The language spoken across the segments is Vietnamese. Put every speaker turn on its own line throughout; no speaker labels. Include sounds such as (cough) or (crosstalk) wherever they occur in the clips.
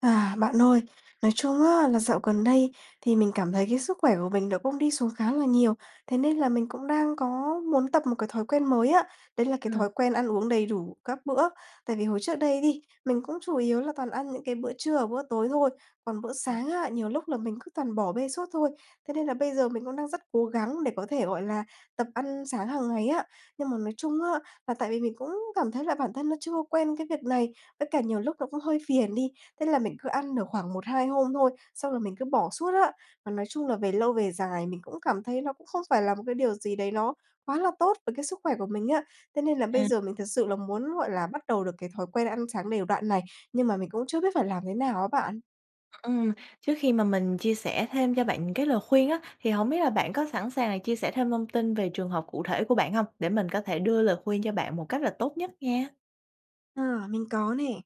À, bạn ơi, nói chung á là dạo gần đây thì mình cảm thấy cái sức khỏe của mình nó cũng đi xuống khá là nhiều, thế nên là mình cũng đang có muốn tập một cái thói quen mới á, đấy là cái
Ừm.
thói quen ăn uống đầy đủ các bữa. Tại vì hồi trước đây đi, mình cũng chủ yếu là toàn ăn những cái bữa trưa và bữa tối thôi, còn bữa
À.
sáng á, nhiều lúc là mình cứ toàn bỏ bê suốt thôi. Thế nên là bây giờ mình cũng đang rất cố gắng để có thể, gọi là, tập ăn sáng hàng ngày á. Nhưng mà nói chung á, là tại vì mình cũng cảm thấy là bản thân nó chưa có quen cái việc này, với cả nhiều lúc nó cũng hơi phiền đi. Thế là mình cứ ăn được khoảng 1-2 hôm thôi, xong rồi mình cứ bỏ suốt á. Và nói chung là về lâu về dài mình cũng cảm thấy nó cũng không phải là một cái điều gì đấy nó quá là tốt với cái sức khỏe của mình á. Thế nên là bây
À.
giờ mình thực sự là muốn, gọi là, bắt đầu được cái thói quen ăn sáng đều đặn này, nhưng mà mình cũng chưa biết phải làm thế nào á bạn.
Ờ, ừ, trước khi mà mình chia sẻ thêm cho bạn những cái lời khuyên á, thì hổng biết là bạn có sẵn sàng là chia sẻ thêm thông tin về trường hợp cụ thể của bạn hông? Để mình có thể đưa lời khuyên cho bạn một cách là tốt nhất nha.
Ờ, mình có nè!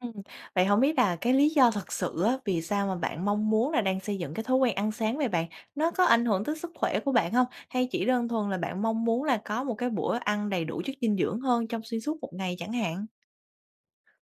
Ừm, vậy hổng biết là cái lý do thật sự á, vì sao mà bạn mong muốn là đang xây dựng cái thói quen ăn sáng vậy bạn? Nó có ảnh hưởng tới sức khỏe của bạn hông? Hay chỉ đơn thuần là bạn mong muốn là có một cái bữa ăn đầy đủ chất dinh dưỡng hơn trong xuyên suốt một ngày chẳng hạn?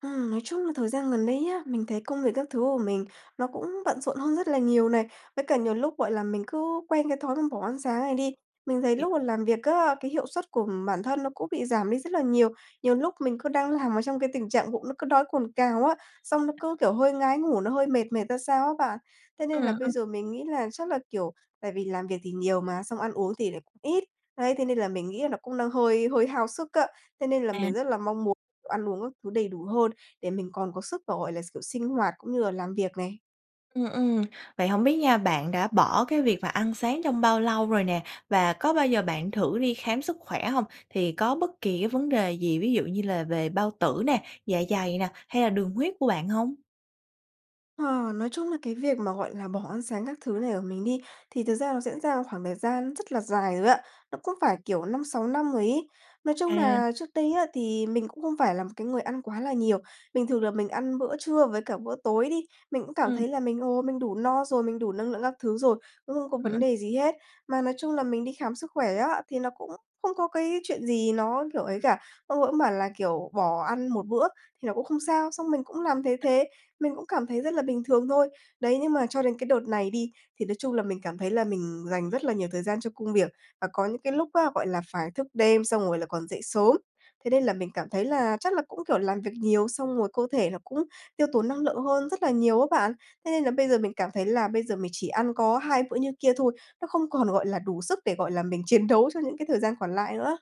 Ừm, nói chung là thời gian gần đây nhé, mình thấy công việc các thứ của mình nó cũng bận rộn hơn rất là nhiều này, với cả nhiều lúc, gọi là, mình cứ quen cái thói mà bỏ ăn sáng này đi. Mình thấy
Hiểu.
lúc mà làm việc á, cái hiệu suất của bản thân nó cũng bị giảm đi rất là nhiều. Nhiều lúc mình cứ đang làm ở trong cái tình trạng bụng nó cứ đói cồn cào á, xong nó cứ, kiểu, hơi ngái ngủ nó hơi mệt mệt ra sao á bạn. Thế
Ừ,
nên là bây
ư.
giờ mình nghĩ là chắc là, kiểu, tại vì làm việc thì nhiều mà, xong ăn uống thì lại ít, đấy, thế nên là mình nghĩ là nó cũng đang hơi hơi hao sức á. Thế nên là
À.
mình rất là mong muốn ăn uống các thứ đầy đủ hơn để mình còn có sức và, gọi là, kiểu sinh hoạt cũng như là làm việc này.
Ừ, ừ, vậy hổng biết nha, bạn đã bỏ cái việc mà ăn sáng trong bao lâu rồi nè, và có bao giờ bạn thử đi khám sức khỏe hông? Thì có bất kỳ cái vấn đề gì, ví dụ như là về bao tử nè, dạ dày nè, hay là đường huyết của bạn hông?
Ờ, nói chung là, cái việc mà, gọi là, bỏ ăn sáng các thứ này của mình đi, thì thực ra nó diễn ra khoảng thời gian rất là dài rồi á, nó cũng phải, kiểu, 5, 6 năm ấy. Nói chung
À.
nà trước đây á thì mình cũng không phải là một cái người ăn quá là nhiều. Bình thường là mình ăn bữa trưa với cả bữa tối đi, mình cũng cảm
Ừ.
thấy là mình, ồ, mình đủ no rồi, mình đủ năng lượng các thứ rồi, cũng không có
Ừ, ư.
vấn đề gì hết. Mà nói chung là mình đi khám sức khỏe á, thì nó cũng không có cái chuyện gì nó, kiểu, ấy cả, ông ấy bảo là, kiểu, bỏ ăn một bữa thì nó cũng không sao, xong mình cũng làm thế thế, mình cũng cảm thấy rất là bình thường thôi. Đấy, nhưng mà cho đến cái đợt này đi, thì nói chung là mình cảm thấy là mình dành rất là nhiều thời gian cho công việc, và có những cái lúc á, gọi là, phải thức đêm xong rồi là còn dậy sớm, thế nên là mình cảm thấy là chắc là cũng, kiểu, làm việc nhiều xong rồi cơ thể nó cũng tiêu tốn năng lượng hơn rất là nhiều á bạn. Thế nên là bây giờ mình cảm thấy là bây giờ mình chỉ ăn có hai bữa như kia thôi, nó không còn, gọi là, đủ sức để, gọi là, mình chiến đấu cho những cái thời gian còn lại nữa.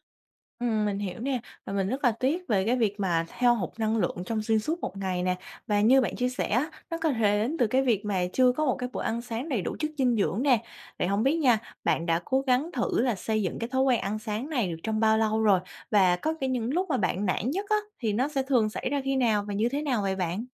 Ừm, mình hiểu nè. Và mình rất là tiếc về cái việc mà hao hụt năng lượng trong xuyên suốt một ngày nè. Và như bạn chia sẻ á, nó có thể đến từ cái việc mà chưa có một cái bữa ăn sáng đầy đủ chất dinh dưỡng nè. Vậy hông biết nha, bạn đã cố gắng thử là xây dựng cái thói quen ăn sáng này được trong bao lâu rồi? Và có cả những lúc mà bạn nản nhất á thì nó sẽ thường xảy ra khi nào? Và như thế nào vậy bạn?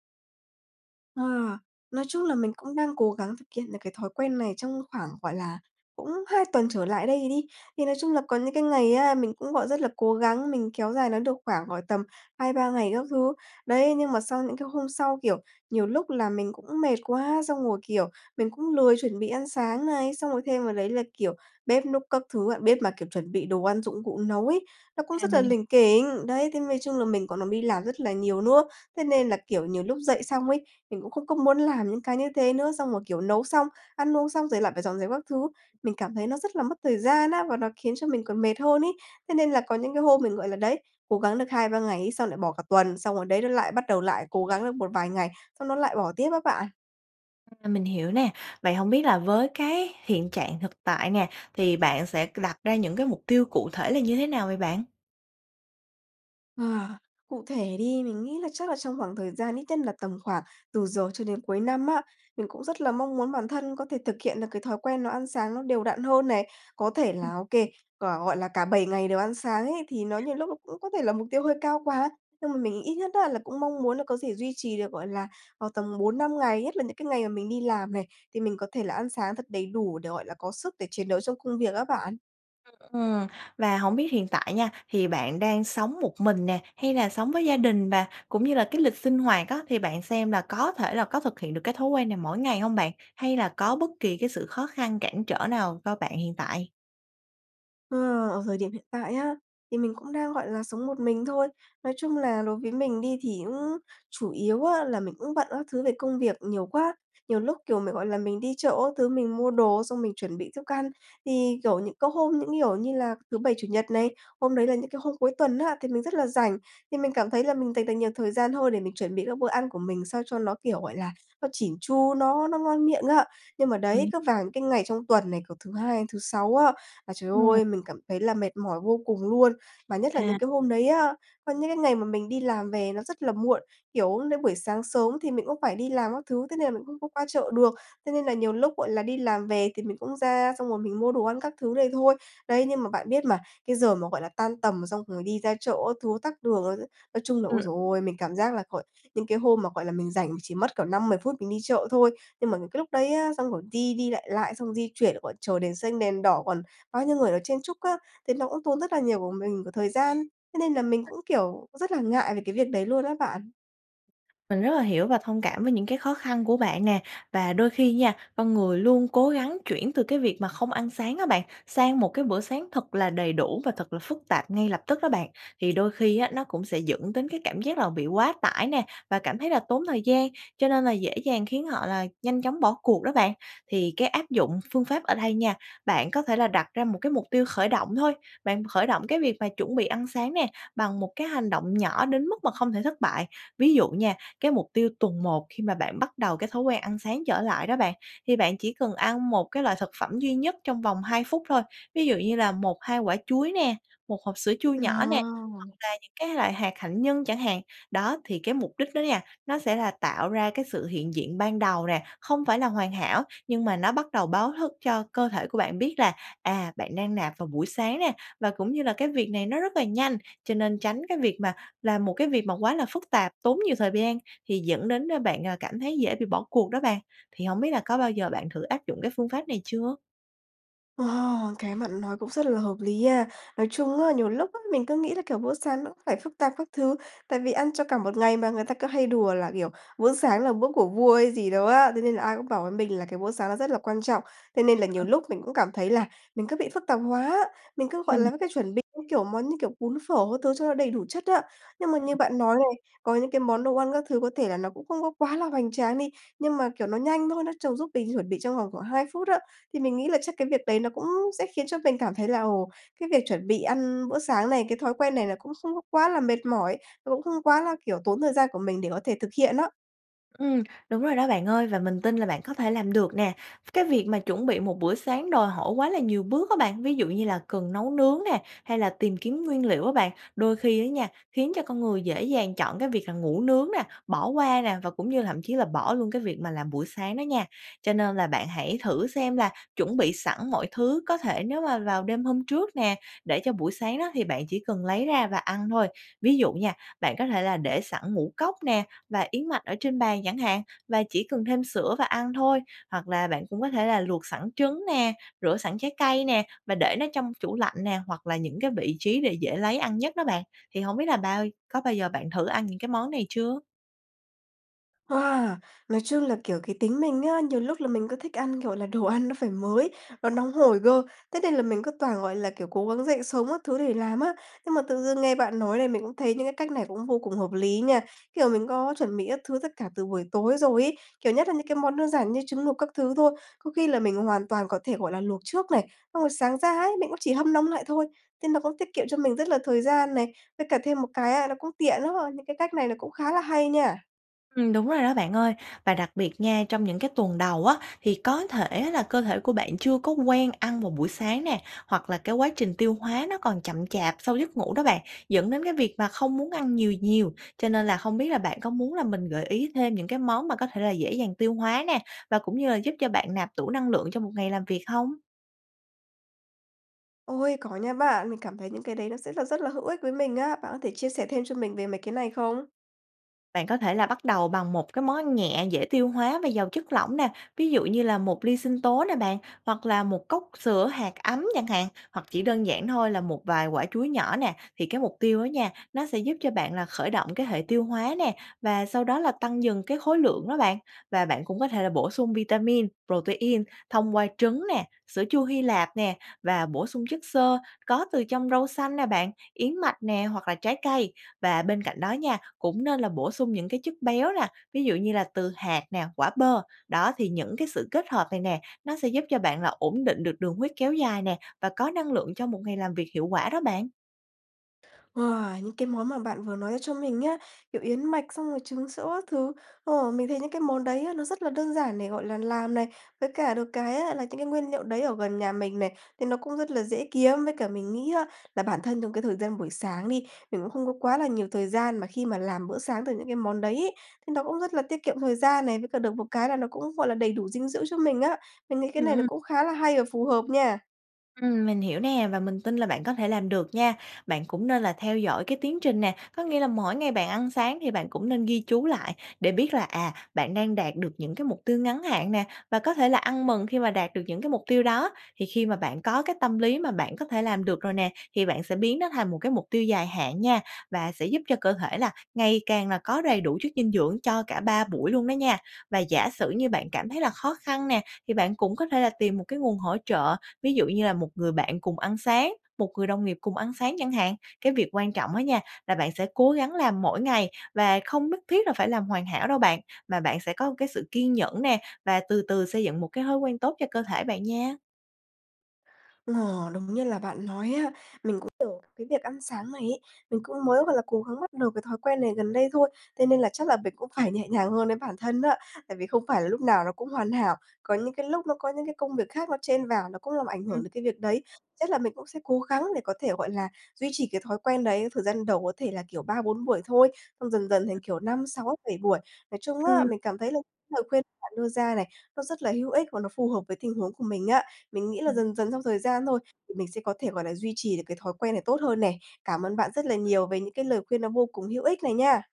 Ờ. Nói chung là mình cũng đang cố gắng thực hiện được cái thói quen này trong khoảng, gọi là, cũng 2 tuần trở lại đây đi. Thì nói chung là có những cái ngày á mình cũng, gọi, rất là cố gắng, mình kéo dài nó được khoảng, gọi, tầm 2, 3 ngày các thứ, đấy. Nhưng mà sau những cái hôm sau, kiểu, nhiều lúc là mình cũng mệt quá, xong rồi, kiểu, mình cũng lười chuẩn bị ăn sáng này, xong rồi thêm vào đấy là, kiểu, bếp núc các thứ á. Bếp mà, kiểu, chuẩn bị đồ ăn, dụng cụ nấu ấy, nó cũng
À,
rất là
mình hi
lỉnh kỉnh, đấy. Thế nói chung là mình còn làm đi làm rất là nhiều nữa, thế nên là, kiểu, nhiều lúc dậy xong ấy, mình cũng không có muốn làm những cái như thế nữa, xong rồi, kiểu, nấu xong, ăn uống xong, rồi là phải dọn dẹp các thứ, mình cảm thấy nó rất là mất thời gian á, và nó khiến cho mình còn mệt hơn ấy. Thế nên là có những cái hôm mình, gọi là, đấy, cố gắng được 2, 3 ngày ấy, xong lại bỏ cả tuần, xong rồi đấy nó lại bắt đầu lại cố gắng được một vài ngày, xong nó lại bỏ tiếp á bạn.
À, mình hiểu nè, vậy hổng biết là với cái hiện trạng thực tại nè, thì bạn sẽ c đặt ra những cái mục tiêu cụ thể là như thế nào vậy bạn?
Ờ, cụ thể đi, mình nghĩ là chắc là trong khoảng thời gian ít nhất nà tầm khoảng từ giờ cho đến cuối năm á, mình cũng rất là mong muốn bản thân có thể thực hiện được cái thói quen nó ăn sáng nó đều đặn hơn này. Có thể
Ừm.
là OK, là, gọi là, cả 7 ngày đều ăn sáng ấy thì nó nhiều lúc nó cũng có thể là mục tiêu hơi cao quá, nhưng mà mình ít nhất á là cũng mong muốn là có dễ duy trì được, gọi là, vào tầm 4-5 ngày, nhất là những cái ngày mà mình đi làm này, thì mình có thể là ăn sáng thật đầy đủ để, gọi là, có sức để chiến đấu trong công việc á bạn.
Ưm, ừ, và hổng biết hiện tại nha thì bạn đang sống một mình nè hay là sống với gia đình? Và cũng như là cái lịch sinh hoạt á thì bạn xem là có thể là có thực hiện được cái thói quen này mỗi ngày hông bạn? Hay là có bất kỳ cái sự khó khăn cản trở nào cho bạn hiện tại?
Ờ, ở thời điểm hiện tại á, thì mình cũng đang, gọi là, sống một mình thôi. Nói chung nà đối với mình đi thì cũng chủ yếu á là mình cũng bận các thứ về công việc nhiều quá. Nhiều lúc, kiểu, mình, gọi là, mình đi chợ các thứ mình mua đồ á xong mình chuẩn bị thức ăn. Thì, kiểu, những có hôm những, kiểu như là, thứ Bảy, Chủ nhật này, hôm đấy là những cái hôm cuối tuần á, thì mình rất là rảnh thì mình cảm thấy là mình dành được nhiều thời gian thôi để mình chuẩn bị các bữa ăn của mình sao cho nó, kiểu, gọi là, nó chỉn chu, nó nó ngon miệng á. Nhưng mà đấy,
Ừm.
cứ vàng cái ngày trong tuần này, kiểu, thứ Hai đến thứ Sáu á là, trời
Ừm.
ơi, mình cảm thấy là mệt mỏi vô cùng luôn. Và nhất là
À.
những cái hôm đấy á, có những cái ngày mà mình đi làm về nó rất là muộn, kiểu, đến buổi sáng sớm thì mình cũng phải đi làm các thứ, thế nên là mình không có qua chợ được, thế nên là nhiều lúc, gọi là, đi làm về thì mình cũng ra, xong rồi mình mua đồ ăn các thứ đây thôi. Đấy, nhưng mà bạn biết mà, cái giờ mà, gọi là, tan tầm xong rồi đi ra chợ các thứ tắc đường á chứ, nói chung là, ôi,
Ừ.
trời ơi, mình cảm giác là gọi những cái hôm mà, gọi là, mình rảnh mình chỉ mất cỡ 5-10 phút mình đi chợ thôi, nhưng mà những cái lúc đấy á, xong rồi đi đi lại lại, xong rồi đi chuyển rồi còn chờ đền xanh, đèn đỏ, còn bao nhiêu người, ờ, chen chúc á, thế nó cũng tốn rất là nhiều của mình của thời gian, thế nên là mình cũng, kiểu, rất là ngại về cái việc đấy luôn á bạn.
Mình rất là hiểu và thông cảm với những cái khó khăn của bạn nè. Và đôi khi nha, con người luôn cố gắng chuyển từ cái việc mà không ăn sáng á bạn, sang một cái bữa sáng thật là đầy đủ và thật là phức tạp ngay lập tức đó bạn, thì đôi khi á nó cũng sẽ dẫn đến cái cảm giác là bị quá tải nè, và cảm thấy là tốn thời gian, cho nên là dễ dàng khiến họ là nhanh chóng bỏ cuộc đó bạn. Thì cái áp dụng phương pháp ở đây nha, bạn có thể là đặt ra một cái mục tiêu khởi động thôi, bạn khởi động cái việc mà chuẩn bị ăn sáng nè, bằng một cái hành động nhỏ đến mức mà không thể thất bại. Ví dụ nha, cái mục tiêu tuần 1 khi mà bạn bắt đầu cái thói quen ăn sáng trở lại đó bạn, thì bạn chỉ cần ăn một cái loại thực phẩm duy nhất trong vòng 2 phút thôi, ví dụ như là 1, 2 quả chuối nè, 1 hộp sữa chua nhỏ nè, hoặc
À!
là những cái loại hạt hạnh nhân chẳng hạn. Đó, thì cái mục đích đó nha, nó sẽ là tạo ra cái sự hiện diện ban đầu nè, không phải là hoàn hảo, nhưng mà nó bắt đầu báo thức cho cơ thể của bạn biết là, à, bạn đang nạp vào buổi sáng nè và cũng như là cái việc này nó rất là nhanh, cho nên tránh cái việc mà làm một cái việc mà quá là phức tạp, tốn nhiều thời v gian thì dẫn đến, a, bạn, à, cảm thấy dễ bị bỏ cuộc đó bạn. Thì hổng biết là có bao giờ bạn thử áp dụng cái phương pháp này chưa?
Ồ, cái bạn nói cũng rất là hợp lý a! Nói chung á, nhiều lúc á, mình cứ nghĩ là, kiểu, bữa sáng nó cũng phải phức tạp các thứ, tại vì ăn cho cả một ngày mà người ta cứ hay đùa là, kiểu, bữa sáng là bữa của vua hay gì đó á, thế nên là ai cũng bảo với mình là cái bữa sáng nó rất là quan trọng. Thế nên là nhiều
(unintelligible)
lúc mình cũng cảm thấy là mình cứ bị phức tạp hóa, mình cứ, gọi
Mình
là, có cái chuẩn bị, như kiểu, món, như kiểu, bún phở các thứ cho nó đầy đủ chất á. Nhưng mà như bạn nói này, có những cái món đồ ăn các thứ có thể là nó cũng không có quá là hoành tráng đi, nhưng mà kiểu nó nhanh thôi, nó trong giúp mình chuẩn bị trong vòng khoảng 2 phút á. Thì mình nghĩ là chắc cái việc đấy nó cũng sẽ khiến cho mình cảm thấy là, ồ, cái việc chuẩn bị ăn bữa sáng này, cái thói quen này nó cũng không có quá là mệt mỏi, nó cũng không quá là, kiểu, tốn thời gian của mình để có thể thực hiện á.
Ừm, đúng rồi đó bạn ơi, và mình tin là bạn có thể làm được nè. Cái việc mà chuẩn bị một bữa sáng đòi hỏi quá là nhiều bước á bạn, ví dụ như là cần nấu nướng nè, hay là tìm kiếm nguyên liệu á bạn, đôi khi á nha, khiến cho con người dễ dàng chọn cái việc là ngủ nướng nè, bỏ qua nè, và cũng như là thậm chí là bỏ luôn cái việc mà làm bữa sáng đó nha. Cho nên là bạn hãy thử xem là chuẩn bị sẵn mọi thứ có thể nếu mà vào đêm hôm trước nè, để cho buổi sáng đó thì bạn chỉ cần lấy ra và ăn thôi. Ví dụ nha, bạn có thể là để sẵn ngũ cốc nè, và yến mạch ở trên bàn chẳng hạn, và chỉ cần thêm sữa và ăn thôi, hoặc là bạn cũng có thể là luộc sẵn trứng nè, rửa sẵn trái cây nè, và để nó trong chủ lạnh nè, hoặc là những cái vị trí để dễ lấy ăn nhất đó bạn. Thì hổng biết là bao có bao giờ bạn thử ăn những cái món này chưa?
À, nói chung là, kiểu, cái tính mình á, nhiều lúc là mình cứ thích ăn, kiểu là, đồ ăn nó phải mới, nó nóng
Ừm.
hổi cơ, thế nên là mình cứ toàn, gọi là, kiểu, cố gắng dậy sớm các thứ để làm á. Nhưng mà tự dưng nghe bạn nói là mình cũng thấy những cái cách này cũng vô cùng hợp lý nha, kiểu, mình có chuẩn bị các thứ tất cả từ buổi tối rồi ấy. Kiểu, nhất là những cái món đơn giản như trứng luộc các thứ thôi, có khi là mình hoàn toàn có thể, gọi là, luộc trước này, xong rồi sáng ra ấy, mình cũng chỉ hâm nóng lại thôi, nên là có tiết kiệm cho mình rất là thời gian này. Với cả thêm một cái á, nó cũng tiện lắm ha, những cái cách này nó cũng khá là hay nha.
Ừm, đúng rồi đó bạn ơi. Và đặc biệt nha, trong những cái tuần đầu á thì có thể á là cơ thể của bạn chưa có quen ăn vào buổi sáng nè, hoặc là cái quá trình tiêu hóa nó còn chậm chạp sau giấc ngủ đó bạn, dẫn đến cái việc mà không muốn ăn nhiều nhiều. Cho nên là không biết là bạn có muốn là mình gợi ý thêm những cái món mà có thể là dễ dàng tiêu hóa nè, và cũng như là giúp cho bạn nạp tủ năng lượng cho một ngày làm việc hông?
Ôi, có nha bạn! Mình cảm thấy những cái đấy nó sẽ rất là rất là hữu ích với mình á. Bạn có thể chia sẻ thêm cho mình về mấy cái này không?
Bạn có thể là bắt đầu bằng một cái món ăn nhẹ dễ tiêu hóa và giàu chất lỏng nè, ví dụ như là một ly sinh tố nè bạn, hoặc là một cốc sữa hạt ấm chẳng hạn, hoặc chỉ đơn giản thôi là một vài quả chuối nhỏ nè. Thì cái mục tiêu đó nha, nó sẽ giúp cho bạn là khởi động cái hệ tiêu hóa nè, và sau đó là tăng dần cái khối lượng đó bạn. Và bạn cũng có thể là bổ sung vitamin, protein thông qua trứng nè, sữa chua Hy Lạp nè, và bổ sung chất xơ có từ trong rau xanh nè bạn, yến mạch nè hoặc là trái cây. Và bên cạnh đó nha, cũng nên là bổ sung những cái chất béo nà, ví dụ như là từ hạt nè, quả bơ. Đó, thì những cái sự kết hợp này nè, nó sẽ giúp cho bạn là ổn định được đường huyết kéo dài nè và có năng lượng cho một ngày làm việc hiệu quả đó bạn.
Wow! Những cái món mà bạn vừa nói ra cho mình nhá, kiểu, yến mạch xong rồi trứng sữa các thứ. Ồ, mình thấy những cái món đấy á, nó rất là đơn giản để, gọi là, làm này, với cả được cái á là những cái nguyên liệu đấy ở gần nhà mình này, thì nó cũng rất là dễ kiếm. Với cả mình nghĩ á, là bản thân trong cái thời gian buổi sáng đi, mình cũng không có quá là nhiều thời gian mà khi mà làm bữa sáng từ những cái món đấy ấy, thì nó cũng rất là tiết kiệm thời gian này, với cả được một cái là nó cũng, gọi là, đầy đủ dinh dưỡng cho mình á. Mình nghĩ cái
Ừ,
này nó
ưm.
cũng khá là hay và phù hợp nha.
Ừm, mình hiểu nè. Và mình tin là bạn có thể làm được nha. Bạn cũng nên là theo dõi cái tiến trình nè, có nghĩa là mỗi ngày bạn ăn sáng thì bạn cũng nên ghi chú lại để biết là, à, bạn đang đạt được những cái mục tiêu ngắn hạn nè, và có thể là ăn mừng khi mà đạt được những cái mục tiêu đó. Thì khi mà bạn có cái tâm lý mà bạn có thể làm được rồi nè, thì bạn sẽ biến nó thành một cái mục tiêu dài hạn nha, và sẽ giúp cho cơ thể là ngày càng là có đầy đủ chất dinh dưỡng cho cả 3 buổi luôn đó nha. Và giả sử như bạn cảm thấy là khó khăn nè, thì bạn cũng có thể là tìm một cái nguồn hỗ trợ, ví dụ như là một người bạn cùng ăn sáng, một người đồng nghiệp cùng ăn sáng chẳng hạn. Cái việc quan trọng á nha là bạn sẽ cố gắng làm mỗi ngày và không nhất thiết là phải làm hoàn hảo đâu bạn, mà bạn sẽ có cái sự kiên nhẫn nè và từ từ xây dựng một cái thói quen tốt cho cơ thể bạn nha.
Ờ, đúng như là bạn nói á, mình cũng tưởng cái việc ăn sáng này ấy, mình cũng mới, gọi là, cố gắng bắt được cái thói quen này gần đây thôi. Thế nên là chắc là mình cũng phải nhẹ nhàng hơn với bản thân á, tại vì không phải là lúc nào nó cũng hoàn hảo. Có những cái lúc nó có những cái công việc khác nó chen vào nó cũng làm ảnh hưởng
Ừm.
đến cái việc đấy. Chắc là mình cũng sẽ cố gắng để có thể, gọi là, duy trì cái thói quen đấy, thời gian đầu có thể là, kiểu, 3, 4 buổi thôi. Xong dần dần thành kiểu, 5, 6, 7 buổi, nói chung á,
Ừm.
mình cảm thấy là cái lời khuyên bạn đưa ra này, nó rất là hữu ích và nó phù hợp với tình huống của mình á. Mình nghĩ là,
Ừm.
dần dần trong thời gian thôi, thì mình sẽ có thể, gọi là, duy trì được cái thói quen này tốt hơn nè. Cảm ơn bạn rất là nhiều về những cái lời khuyên nó vô cùng hữu ích này nha.